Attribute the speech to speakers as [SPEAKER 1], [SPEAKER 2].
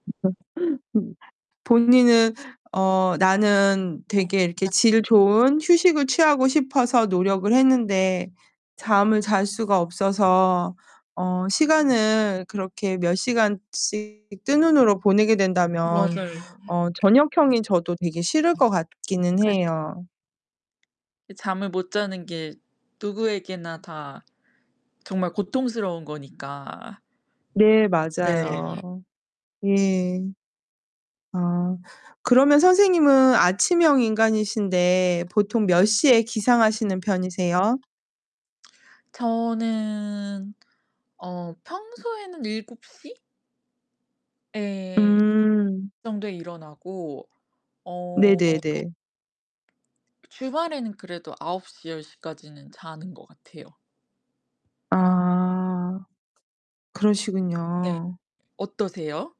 [SPEAKER 1] 본인은 어 나는
[SPEAKER 2] 네.
[SPEAKER 1] 되게 이렇게
[SPEAKER 2] [unintelligible]
[SPEAKER 1] 질 좋은 휴식을 취하고 싶어서 노력을 했는데 잠을 잘 수가 없어서 어 시간을 그렇게 몇 시간씩 뜬 눈으로 보내게 된다면
[SPEAKER 2] 맞아요.
[SPEAKER 1] 어 저녁형이 저도 되게 싫을 것 같기는
[SPEAKER 2] [unintelligible] 그
[SPEAKER 1] 해요.
[SPEAKER 2] 이 잠을 못 자는 게 누구에게나 다 정말 고통스러운 거니까.
[SPEAKER 1] 네
[SPEAKER 2] 네.
[SPEAKER 1] 맞아요. 예. 아 그러면 선생님은 아침형 인간이신데 보통 몇 시에 기상하시는 편이세요?
[SPEAKER 2] 저는 어 평소에는 7 시? 예.
[SPEAKER 1] 음.
[SPEAKER 2] 그 정도에 일어나고 어
[SPEAKER 1] 네네네.
[SPEAKER 2] 주말에는 그래도 9 시, 10 시까지는 자는 것 같아요.
[SPEAKER 1] 아
[SPEAKER 2] 네
[SPEAKER 1] 그러시군요.
[SPEAKER 2] 어떠세요?